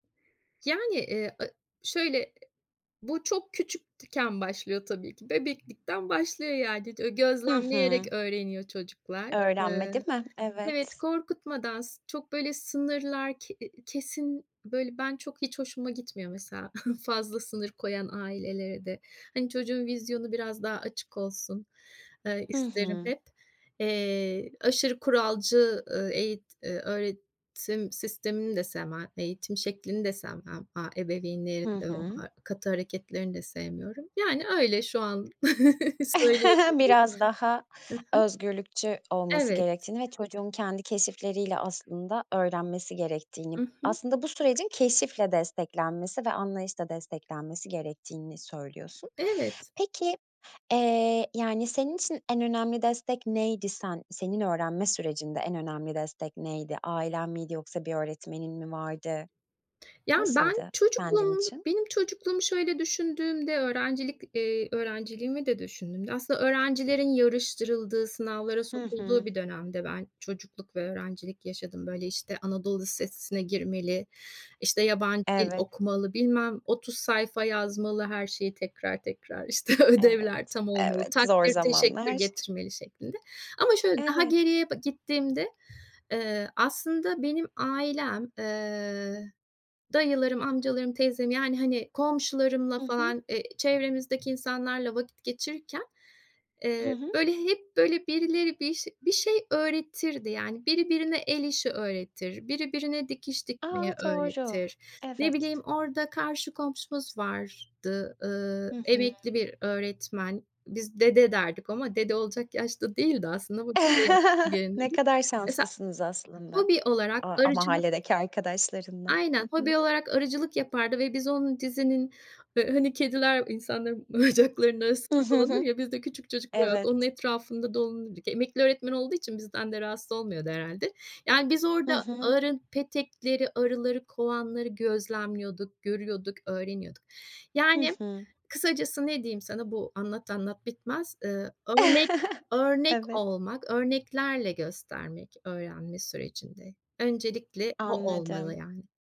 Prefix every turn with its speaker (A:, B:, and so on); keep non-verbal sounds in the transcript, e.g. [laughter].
A: Yani, eee, a şöyle e bu çok küçükken başlıyor tabii ki, bebeklikten başlıyor yani. Dö
B: Hı hı.
A: gözlemleyerek öğreniyor çocuklar.
B: Öğrenme,
A: Iıı,
B: değil mi?
A: evet,
B: Evet.
A: korkutmadan, s çok böyle sınırlar ke eee, kesin, böyle, ben, çok, hiç hoşuma gitmiyor mesela, [chuckles] fazla sınır koyan ailelere de Hani, çocuğun vizyonu biraz daha açık olsun, eee,
B: Hı
A: isterim
B: hı.
A: hep. Eee, aşırı kuralcı, ııı, eğit ııı, öğretim sistemini de sevmem, eğitim şeklini de sevmem. Aaa, ebeveynlerin
B: Hı
A: de o
B: hı.
A: ha katı hareketlerini de sevmiyorum. Yani, öyle, şu an [chuckles]
B: [chuckles]
A: söyleyebilirim.
B: Biraz daha
A: Hı hı.
B: özgürlükçü olması
A: Evet.
B: gerektiğini ve çocuğun kendi keşifleriyle, aslında, öğrenmesi gerektiğini,
A: I hı.
B: aslında bu sürecin keşifle desteklenmesi ve anlayışla desteklenmesi gerektiğini söylüyorsun.
A: Evet.
B: Peki, eee, yani senin için en önemli destek neydi? Sen senin öğrenme sürecinde, en önemli destek neydi? Ailen miydi yoksa bir öğretmenin mi vardı?
A: Ya, ben
B: Nasıldı, kendin
A: çocukluğumu,
B: için?
A: benim çocukluğumu şöyle düşündüğümde, öğrencilik, eee, öğrenciliğimi de düşündüğümde, aslında öğrencilerin yarıştırıldığı, sınavlara
B: Hı
A: sokulduğu
B: hı.
A: bir dönemde ben çocukluk ve öğrencilik yaşadım. Böyle, işte, "Anadolu lisesine girmeli, işte yabancı dil
B: Evet.
A: okumalı, bilmem 30 sayfa yazmalı, her şeyi, tekrar tekrar, işte,
B: Evet,
A: ödevler tam olmalı,
B: evet. Zor
A: takdir teşekkür
B: zamanlar.
A: getirmeli." şeklinde. Ama şöyle daha
B: Evet.
A: geriye ba gittiğimde eee, aslında benim ailem, eee, dayılarım, amcalarım, teyzem yani, hani, komşularımla
B: Hı hı.
A: falan, eee, çevremizdeki insanlarla vakit geçirirken,
B: Hı
A: eee,
B: hı.
A: böyle hep, böyle, birileri bir şe bir şey öğretirdi. Yani, biri birine el işi öğretir, biri birine dikiş
B: A,
A: dikmeyi
B: doğru.
A: öğretir. Ne
B: Evet.
A: bileyim, orada karşı komşumuz vardı. Iıı,
B: Hı hı.
A: emekli bir öğretmen. Biz "dede" derdik ama dede olacak yaşta değildi aslında.
B: [chuckles] Ne
A: [unintelligible]
B: kadar
A: Mesela
B: şanslısınız aslında,
A: hobi olarak
B: o o
A: arıcılık
B: mahalledeki arkadaşlarınla.
A: Aynen,
B: Hı hı.
A: hobi olarak arıcılık yapardı ve biz onun dizinin, ha hani kediler insanların bacaklarının arasında dolanır
B: [chuckles]
A: ya, biz de küçük çocuklar olarak onun
B: Evet.
A: etrafında dolanırdık. Emekli öğretmen olduğu için bizden de rahatsız olmuyordu herhâlde. Yani, biz
B: Hı
A: orada
B: hı.
A: arı petekleri, arıları, kovanları gözlemliyorduk, görüyorduk, öğreniyorduk.
B: Hı
A: Yani,
B: hı.
A: kısacası, ne diyeyim sana, bu anlat, anlat bitmez. Iıı, örnek,
B: [chuckles]
A: örnek
B: Evet.
A: olmak, örneklerle göstermek öğrenme sürecinde, öncelikle o olmalı
B: Anladım.
A: yani.